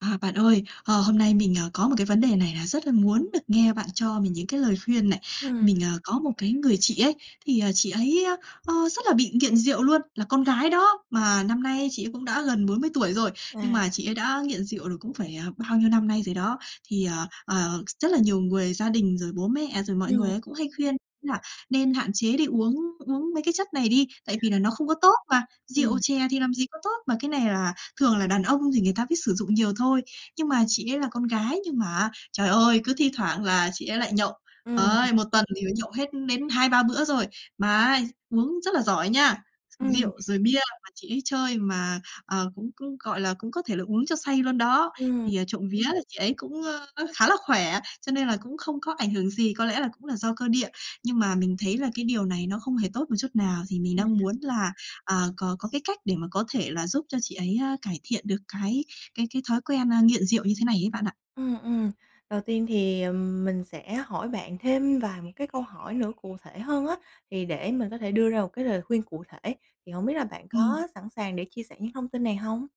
À, bạn ơi, ờ, hôm nay mình, ờ, có một cái vấn đề này là rất là muốn được nghe bạn cho mình những cái lời khuyên này. Ừm. Mình, ờ, có một cái người chị ấy, thì, ờ, chị ấy, ơ, rất là bị nghiện rượu luôn, là con gái đó, mà năm nay chị ấy cũng đã gần 40 tuổi rồi, À. nhưng mà chị ấy đã nghiện rượu được cũng phải, ờ, bao nhiêu năm nay rồi đó. Thì, ờ, ờ, rất là nhiều người, gia đình rồi bố mẹ, rồi mọi Ừm. người á cũng hay khuyên ấy là "Nên hạn chế đi uống uống mấy cái chất này đi, tại vì là nó không có tốt mà, rượu Ừm. chè thì làm gì có tốt, mà cái này là thường là đàn ông thì người ta mới sử dụng nhiều thôi." Nhưng mà chị ấy là con gái nhưng mà á, trời ơi, cứ thi thoảng là chị ấy lại nhậu, Ừm. đấy, 1 tuần thì phải nhậu hết đến 2-3 bữa rồi. Mà á uống rất là giỏi nha, Ừm. rượu rồi bia mà chị ấy chơi mà, ờ, cũng cũng, gọi là, cũng có thể là uống cho say luôn đó. Ừm. Thì, à, trộm vía là chị ấy cũng, ờ, khá là khỏe, cho nên là cũng không có ảnh hưởng gì, có lẽ là cũng là do cơ địa. Nhưng mà mình thấy là cái điều này nó không hề tốt một chút nào, thì mình đang À. muốn là, à, có có cái cách để mà có thể là giúp cho chị ấy, à, cải thiện được cái cái cái thói quen, à, nghiện rượu như thế này ấy bạn ạ. Ừm, ừm, đầu tiên thì, ờm, mình sẽ hỏi bạn thêm vài một cái câu hỏi nữa cụ thể hơn á, thì để mình có thể đưa ra một cái lời khuyên cụ thể, thì hổng biết là bạn Ừm. có sẵn sàng để chia sẻ những thông tin này hông?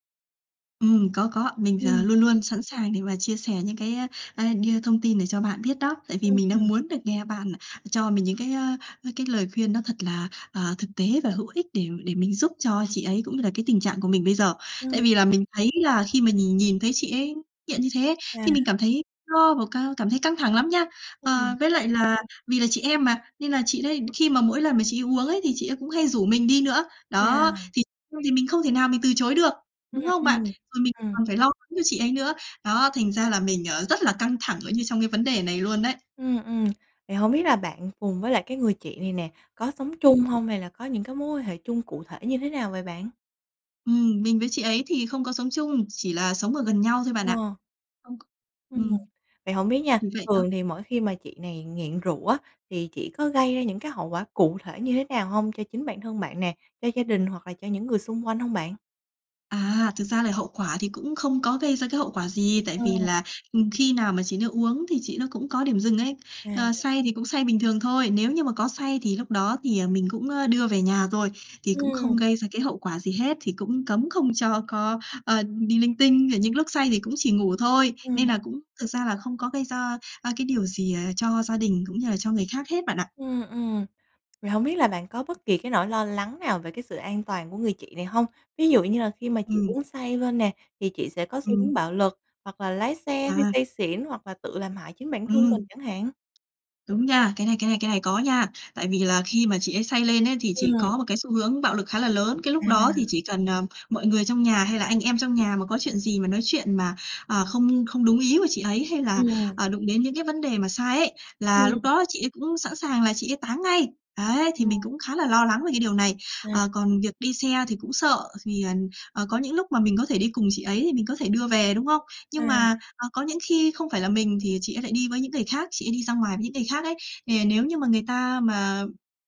Ừm, có, có. Mình thì, ờ, Ừm. luôn luôn sẵn sàng để mà chia sẻ những cái, a, a, đưa thông tin để cho bạn biết đó, tại vì Ừm, mình đang ừm. muốn được nghe bạn cho mình những cái, á, á, cái lời khuyên nó thật là, à, thực tế và hữu ích để để mình giúp cho chị ấy, cũng như là cái tình trạng của mình bây giờ. Tại Ừm. vì là mình thấy là khi mà nhìn nhìn thấy chị ấy hiện như thế ấy, À. thì mình cảm thấy lo và ca cảm thấy căng thẳng lắm nha. Ờ, Ừm. với lại là vì là chị em mà, nên là chị đấy khi mà mỗi lần mà chị ấy uống ấy, thì chị ấy cũng hay rủ mình đi nữa. Đó, À. thì [unintelligible] thì mình không thể nào mình từ chối được, Ừm, đúng không bạn? ừm. Rồi mình Ừm. còn phải lo lắng cho chị ấy nữa. Đó, thành ra là mình, ờ, rất là căng thẳng ở như trong cái vấn đề này luôn đấy. Ừm, ừm, thì hông biết là bạn cùng với lại cái người chị này nè, có sống chung [unintelligible] hông? Hay là có những cái mối quan hệ chung cụ thể như thế nào vậy bạn? Ừm, mình với chị ấy thì không có sống chung, chỉ là sống ở gần nhau thôi bạn ạ. Ờ. [unintelligible] Ừm. Ừm. Vậy hổng biết nha, Chỉ vậy thôi. thường thì mỗi khi mà chị này nghiện rượu á, thì chị có gây ra những cái hậu quả cụ thể như thế nào hông cho chính bản thân bạn nè, cho gia đình hoặc là cho những người xung quanh hông bạn? À, thực ra là hậu quả thì cũng không có gây ra cái hậu quả gì, tại vì Ồ. là, ừm, khi nào mà chị nó uống thì chị nó cũng có điểm dừng ấy. Ờ, À. say thì cũng say bình thường thôi, nếu như mà có say thì lúc đó thì, à, mình cũng, a, đưa về nhà rồi, thì cũng Ừm. không gây ra cái hậu quả gì hết, thì cũng cấm không cho có, ờ, đi linh tinh. Rồi những lúc say thì cũng chỉ ngủ thôi, Ừm. nên là cũng thực ra là không có gây ra, a, cái điều gì, à, cho gia đình cũng như là cho người khác hết bạn ạ. Ừm, ừm, thì hông biết là bạn có bất kỳ cái nỗi lo lắng nào về cái sự an toàn của người chị này hông? Ví dụ như là khi mà chị Ừm. uống say lên nè thì chị sẽ có xu hướng Ừm. bạo lực, hoặc là lái xe khi À. say xỉn, hoặc là tự làm hại chính bản thân mình Ừm. chẳng hạn? Đúng nha, cái này cái này cái này có nha. Tại vì là khi mà chị ấy say lên ấy, thì chị Ừm. có một cái xu hướng bạo lực khá là lớn. Cái lúc đó thì À. chỉ cần, ờ, mọi người trong nhà, hay là anh em trong nhà mà có chuyện gì mà nói chuyện mà, à, không không đúng ý của chị ấy, hay là, Ừm. à, đụng đến những cái vấn đề mà sai ấy, là lúc Ừm. đó chị ấy cũng sẵn sàng là chị ấy táng ngay. Đấy, thì mình [unintelligible] cũng khá là lo lắng về cái điều này. À. Ờ, còn việc đi xe thì cũng sợ thì, à, à, có những lúc mà mình có thể đi cùng chị ấy thì mình có thể đưa về, đúng không? À. Nhưng mà, à, có những khi không phải là mình thì chị ấy lại đi với những người khác, chị ấy đi ra ngoài với những người khác ấy. Thì, à, nếu như mà người ta mà,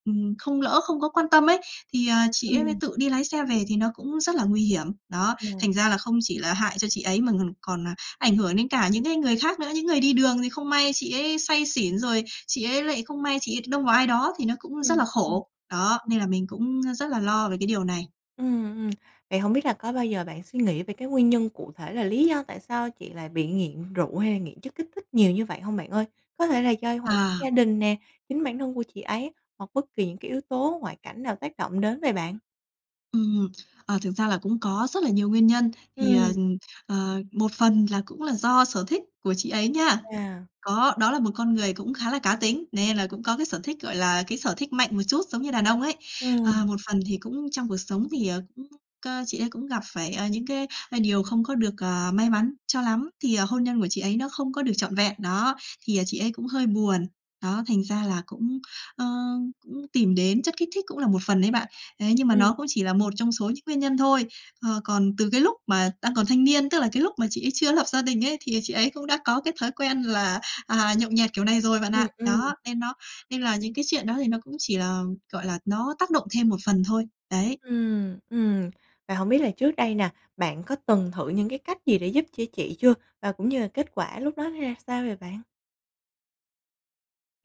ừm, không lỡ không có quan tâm ấy, thì, à, chị ấy Ừm. tự đi lái xe về thì nó cũng rất là nguy hiểm. Đó, À. thành ra là không chỉ là hại cho chị ấy mà ng còn, à, ảnh hưởng đến cả những cái người khác nữa. Những người đi đường thì không may chị ấy say xỉn, rồi chị ấy lại không may chị ấy đông vào ai đó thì nó cũng rất Ừm, là ừm. khổ. Đó, Ừm. nên là mình cũng, a, rất là lo về cái điều này. Ừm, ừm. Vậy hổng biết là có bao giờ bạn suy nghĩ về cái nguyên nhân cụ thể là lý do tại sao chị lại bị nghiện rượu hay là nghiện chất kích thích nhiều như vậy hông bạn ơi? Có thể là do hoàn À! gia đình nè, chính bản thân của chị ấy, hoặc bất kỳ những cái yếu tố ngoại cảnh nào tác động đến vậy bạn? Ừm, ờ, thực ra là cũng có rất là nhiều nguyên nhân. Thì, ờ, Ừm. ừm, ờ, một phần là cũng là do sở thích của chị ấy nha, Chà. có đó là một con người cũng khá là cá tính, nên là cũng có cái sở thích, gọi là, cái sở thích mạnh một chút, giống như đàn ông ấy. Ờ, Ừm. một phần thì cũng trong cuộc sống thì, ờ, cũng, cơ, chị ấy cũng gặp phải, ờ, những cái, a, điều không có được, ờ, may mắn cho lắm, thì, ờ, hôn nhân của chị ấy nó không có được trọn vẹn, đó, thì, ờ, chị ấy cũng hơi buồn, đó, thành ra là cũng, ơ, cũng tìm đến chất kích thích cũng là một phần đấy bạn. Thế nhưng mà Ừm. nó cũng chỉ là một trong số những nguyên nhân thôi, ờ, còn từ cái lúc mà đang còn thanh niên, tức là cái lúc mà chị ấy chưa có lập gia đình ấy, thì, ờ, chị ấy cũng đã có cái thói quen là, à, nhậu nhẹt kiểu này rồi bạn Ừm, ạ. ừm. Đó, nên nó nên là những cái chuyện đó thì nó cũng chỉ là, gọi là, nó tác động thêm một phần thôi, đấy. Ừm, ừm, và hổng biết là trước đây nè, bạn có từng thử những cái cách gì để giúp cho chị chưa và cũng như là kết quả lúc đó nó ra sao vậy bạn?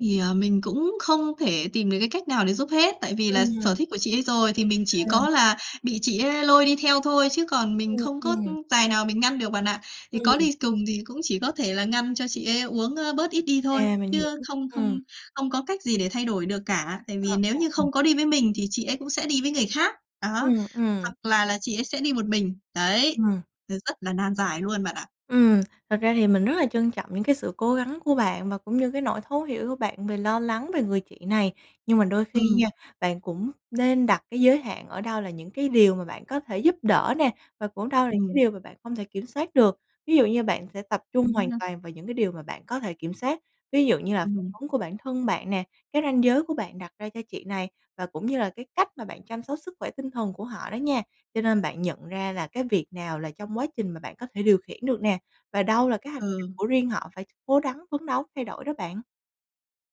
Thì, à, mình cũng không thể tìm được cái cách nào để giúp hết, tại vì là sở Ừm. thích của chị ấy rồi thì mình chỉ À. có là bị chị ấy lôi đi theo thôi, chứ còn mình Ừm, không có, ừm. ưm, tài nào mình ngăn được bạn ạ. Thì có Ừm. đi cùng thì cũng chỉ có thể là ngăn cho chị ấy uống, ơ, bớt ít đi thôi, À, mình hiểu, chứ không ừm. không không có cách gì để thay đổi được cả, tại Ờ, vì nếu ờ, như ừm. không có đi với mình thì chị ấy cũng sẽ đi với người khác, đó, Ừm, ừm. hoặc là là chị ấy sẽ đi một mình. Đấy, Ừm. r rất là nan giải luôn bạn ạ. Ừm, thật ra thì mình rất là trân trọng những cái sự cố gắng của bạn và cũng như cái nỗi thấu hiểu của bạn về lo lắng về người chị này. Nhưng mà đôi khi nha, Ừm. bạn cũng nên đặt cái giới hạn ở đâu là những cái điều mà bạn có thể giúp đỡ nè và cũng đâu là cái Ừm. điều mà bạn hông thể kiểm soát được. Ví dụ như bạn sẽ tập trung Đúng hoàn ha. toàn vào những cái điều mà bạn có thể kiểm sát, ví dụ như là phản Ừm. ứng của bản thân bạn nè, cái ranh giới của bạn đặt ra cho chị này và cũng như là cái cách mà bạn chăm sóc sức khỏe tinh thần của họ đó nha. Cho nên bạn nhận ra là cái việc nào là trong quá trình mà bạn có thể điều khiển được nè, và đâu là cái hành trình Ừ. của riêng họ phải cố rắn phấn đấu thay đổi đó bạn.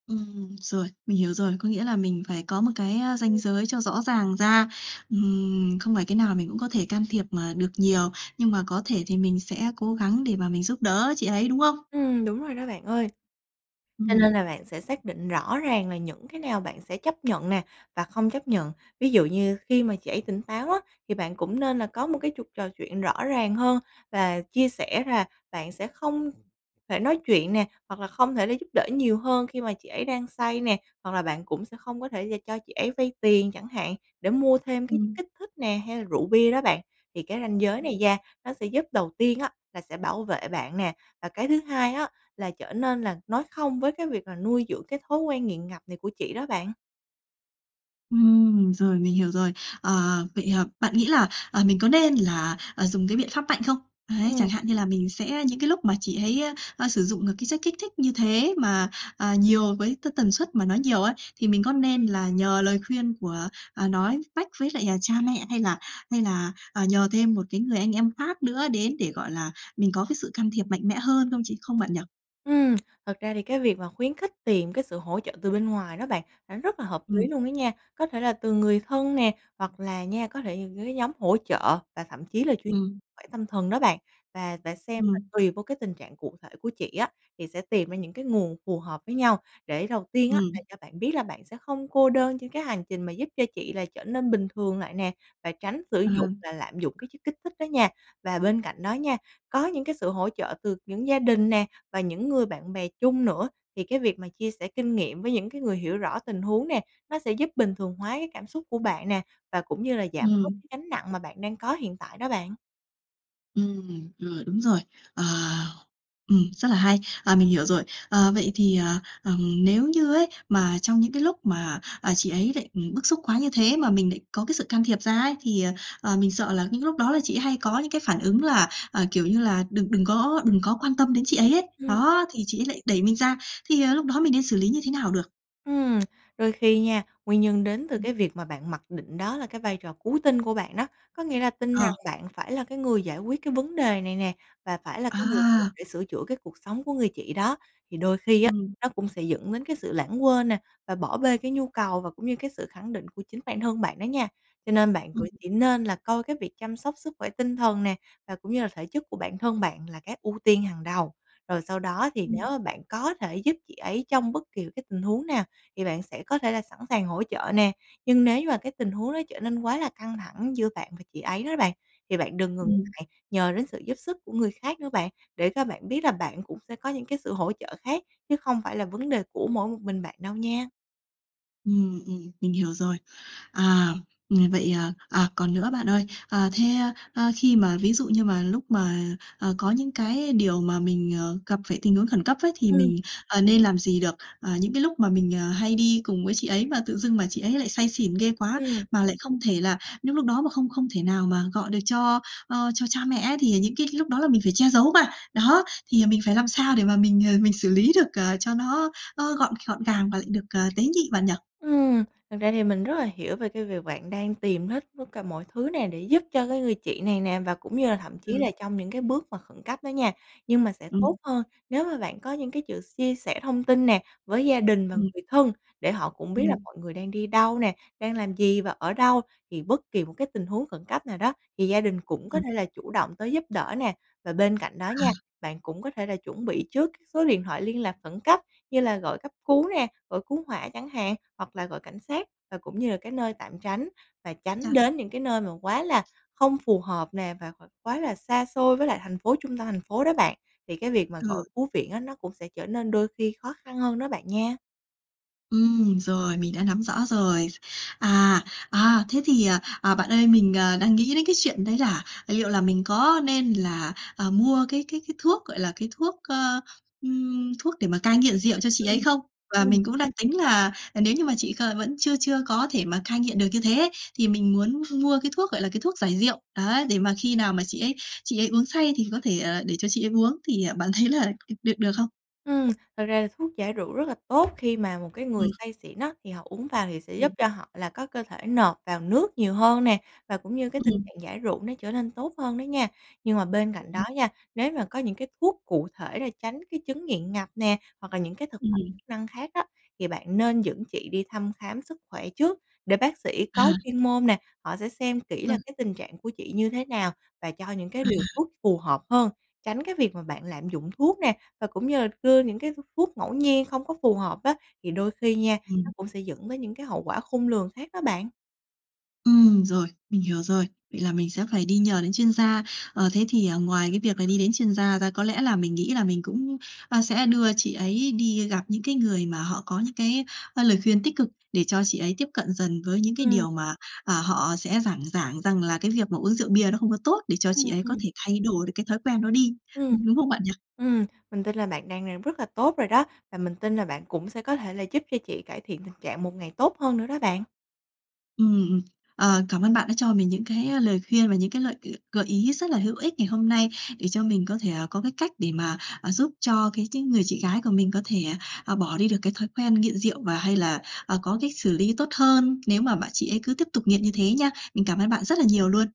Ừm, rồi, mình hiểu rồi. Có nghĩa là mình phải có một cái, ơ, ranh Ừm. giới cho rõ ràng ra. Ừm, không phải cái nào mình cũng có thể can thiệp mà được nhiều, nhưng mà có thể thì mình sẽ cố gắng để mà mình giúp đỡ chị ấy, đúng không? Ừm, đúng rồi đó bạn ơi. Cho Ừm. nên là bạn sẽ xác định rõ ràng là những cái nào bạn sẽ chấp nhận nè và không chấp nhận. Ví dụ như khi mà chị ấy tỉnh táo á thì bạn cũng nên là có một cái chuộc trò chuyện rõ ràng hơn và chia sẻ rà bạn sẽ không thể nói chuyện nè hoặc là không thể là giúp đỡ nhiều hơn khi mà chị ấy đang say nè. Hoặc là bạn cũng sẽ không có thể và cho chị ấy vay tiền chẳng hạn để mua thêm cái chất Ừm. kích thích nè, hay là rượu bia đó bạn. Thì cái ranh giới Ừm này da, nó sẽ giúp đầu tiên á là sẽ bảo vệ bạn nè và cái thứ hai á là trở nên là nói không với cái việc là nuôi dưỡng cái thói quen nghiện ngập này của chị đó bạn. Ừm, rồi, mình hiểu rồi. Ờ, vậy, ờm, bạn nghĩ là, ờ, mình có nên là, à, dùng cái biện pháp mạnh không? Đấy, Ừm. chẳng hạn như là mình sẽ, những cái lúc mà chị ấy, ơ, ờ, sử dụng những cái chất kích thích như thế mà, à, nhiều với t tần suất mà nó nhiều ấy thì mình có nên là nhờ lời khuyên của, à, nói mách với lại, à, cha mẹ hay là hay là, à, nhờ thêm một cái người anh em khác nữa đến để, gọi là, mình có cái sự can thiệp mạnh mẽ hơn không chị không bạn nhỉ? Ừm, thật ra thì cái việc mà khuyến khích tìm cái sự hỗ trợ từ bên ngoài đó bạn là nó rất là hợp lý Ừm. luôn đó nha. Có thể là từ người thân nè, hoặc là nha, có thể những cái nhóm hỗ trợ và thậm chí là chuyên Ừm. khỏe tâm thần đó bạn. Và và xem là Ừm. tùy vô cái tình trạng cụ thể của chị á, thì sẽ tìm ra những cái nguồn phù hợp với nhau, để đầu tiên á là Ừm. cho bạn biết là bạn sẽ không cô đơn trên cái hành trình mà giúp cho chị là trở nên bình thường lại nè, và tránh sử dụng Ờ. và lạm dụng cái kích thích đó nha. Và bên cạnh đó nha, có những cái sự hỗ trợ từ những gia đình nè và những người bạn bè chung nữa, thì cái việc mà chia sẻ kinh nghiệm với những cái người hiểu rõ tình huống nè, nó sẽ giúp bình thường hóa cái cảm xúc của bạn nè, và cũng như là giảm bớt Ừm. cái gánh nặng mà bạn đang có hiện tại đó bạn. Ừm, rồi, đúng rồi, ờ, ừm, rất là hay! À, mình hiểu rồi. Ờ, vậy thì, à, ừm, nếu như ấy mà trong những cái lúc mà, à, chị ấy lại, ừm, bức xúc quá như thế mà mình lại có cái sự can thiệp ra ấy thì, ờ, ờ, mình sợ là những lúc đó là chị hay có những cái phản ứng là, ờ, kiểu như là, đừng đừng có đừng có quan tâm đến chị ấy ấy, Ừm. đó, thì chị ấy lại đẩy mình ra, thì, ờ, lúc đó mình nên xử lý như thế nào được? Ừm, đôi khi nha, nguyên nhân đến từ Ừm. cái việc mà bạn mặc định đó là cái vai trò cứu tinh của bạn đó, có nghĩa là tin rằng Ờ. bạn phải là cái người giải quyết cái vấn đề này nè và phải là cái người cần À! phải sửa chữa cái cuộc sống của người chị đó. Thì đôi khi á, Ừm. nó cũng sẽ dẫn đến cái sự lãng quên nè và bỏ bê cái nhu cầu và cũng như cái sự khẳng định của chính bản thân bạn đó nha. Cho nên bạn cũng Ừm. chỉ nên là coi cái việc chăm sóc sức khỏe tinh thần nè, và cũng như là thể chất của bản thân bạn là cái ưu tiên hàng đầu, rồi sau đó thì nếu Ừm. mà bạn có thể giúp chị ấy trong bất kỳ cái tình huống nào thì bạn sẽ có thể là sẵn sàng hỗ trợ nè. Nhưng nếu mà cái tình huống đó trở nên quá là căng thẳng giữa bạn và chị ấy đó bạn, thì bạn đừng ngừng Ừm. ngại nhờ đến sự giúp sức của người khác nữa bạn, để các bạn biết là bạn cũng sẽ có những cái sự hỗ trợ khác chứ không phải là vấn đề của mỗi một mình bạn đâu nha. Ừm, ừm, mình hiểu rồi. À, ừm, vậy, à, à, còn nữa bạn ơi. À, thế, a, a, khi mà ví dụ như mà lúc mà, ờ, có những cái điều mà mình, ờ, gặp phải tình huống khẩn cấp ấy, thì Ừm. mình, ờ, nên làm gì được? À, những cái lúc mà mình, ờ, hay đi cùng với chị ấy mà tự dưng mà chị ấy lại say xỉn ghê quá, Ừm. mà lại không thể là những lúc đó mà không không thể nào mà gọi được cho, ơ, cho cha mẹ ấy thì những cái lúc đó là mình phải che giấu mà, đó, thì, à, mình phải làm sao để mà mình, ờ, mình xử lý được, ờ, cho nó, ơ, gọn gọn gàng và lại được, ờ, tế nhị bạn nhỉ? Ừm, thực ra thì mình rất là hiểu về cái việc bạn đang tìm hết tất cả mọi thứ nè để giúp cho cái người chị này nè, và cũng như là thậm chí Ừm. là trong những cái bước mà khẩn cấp đó nha. Nhưng mà sẽ tốt Ừm. hơn nếu mà bạn có những cái sự chia sẻ thông tin nè với gia đình và Ừm. người thân để họ cũng biết là Ừm. mọi người đang đi đâu nè, đang làm gì và ở đâu, thì bất kỳ một cái tình huống khẩn cấp nào đó thì gia đình cũng có Ừm. thể là chủ động tới giúp đỡ nè. Và bên cạnh đó nha, À. bạn cũng có thể là chuẩn bị trước cái số điện thoại liên lạc khẩn cấp như là gọi cấp cứu nè, gọi cứu hỏa chẳng hạn, hoặc là gọi cảnh sát. Và cũng như là cái nơi tạm tránh và tránh Chà! đến những cái nơi mà quá là không phù hợp nè và và quá là xa xôi với lại thành phố trung tâm thành phố đó bạn, thì cái việc mà Ừ. gọi cứu viện á, nó cũng sẽ trở nên đôi khi khó khăn hơn đó bạn nha. Ừm, rồi, mình đã nắm rõ rồi. À, à, thế thì, ờ, à, bạn ơi mình, ờ, đang nghĩ đến cái chuyện đấy là, à, liệu là mình có nên là, ờ, mua cái cái cái thuốc, gọi là, cái thuốc, ơ, ừm, thuốc để mà cai nghiện rượu cho chị ấy Ừm, không? Và ừm. mình cũng đang tính là, à, nếu như mà chị c vẫn chưa chưa có thể mà cai nghiện được như thế ấy, thì mình muốn mua cái thuốc, gọi là, cái thuốc giải rượu. Ấy, để mà khi nào mà chị ấy chị ấy uống say thì có thể, ờ, để cho chị ấy uống thì bạn thấy là được được không? Ừm, thực ra là thuốc giải rượu rất là tốt khi mà một cái người Ừm. say xỉn á thì họ uống vào thì sẽ giúp Ừm. cho họ là có cơ thể nộp vào nước nhiều hơn nè, và cũng như cái tình Ừm. trạng giải rượu nó trở nên tốt hơn đó nha. Nhưng mà bên cạnh đó Ừm. nha, nếu mà có những cái thuốc cụ thể để tránh cái chứng nghiện ngập nè, hoặc là những cái thực phẩm Ừm. chức năng khác á, thì bạn nên dẫn chị đi thăm khám sức khỏe trước, để bác sĩ có À. chuyên môn nè, họ sẽ xem kỹ là Vâng. cái tình trạng của chị như thế nào và cho những cái À. liều thuốc phù hợp hơn, tránh cái việc mà bạn lạm dụng thuốc nè, và cũng như đưa những cái th thuốc ngẫu nhiên không có phù hợp á, thì đôi khi nha, nó Ừm. cũng sẽ dẫn tới những cái hậu quả khôn lường khác đó bạn. Ừm, rồi, mình hiểu rồi. Vậy là mình sẽ phải đi nhờ đến chuyên gia. Ờ, thế thì, ờ, ngoài cái việc là đi đến chuyên gia ra có lẽ là mình nghĩ là mình cũng, a, sẽ đưa chị ấy đi gặp những cái người mà họ có những cái, ơ, lời khuyên tích cực, để cho chị ấy tiếp cận dần với những cái Ừm. điều mà, à, họ sẽ giảng giảng rằng là cái việc mà uống rượu bia nó không có tốt, để cho chị Ừm, ấy có ừm. thể thay đổi được cái thói quen đó đi, Ừm, đúng đúng không bạn nhỉ? ừm, mình tin là bạn đang làm rất là tốt rồi đó và mình tin là bạn cũng sẽ có thể là giúp cho chị cải thiện tình trạng một ngày tốt hơn nữa đó bạn. Ừm, ừ, ờ, cảm ơn bạn đã cho mình những cái, ơ, lời khuyên và những cái lợi g gợi ý rất là hữu ích ngày hôm nay để cho mình có thể, ờ, có cái cách để mà, à, giúp cho cái tính người chị gái của mình có thể, ờ, bỏ đi được cái thói quen nghiện rượu, và hay là, ờ, có cách xử lý tốt hơn nếu mà bạn chị ấy cứ tiếp tục nghiện như thế nha. Mình cảm ơn bạn rất là nhiều luôn!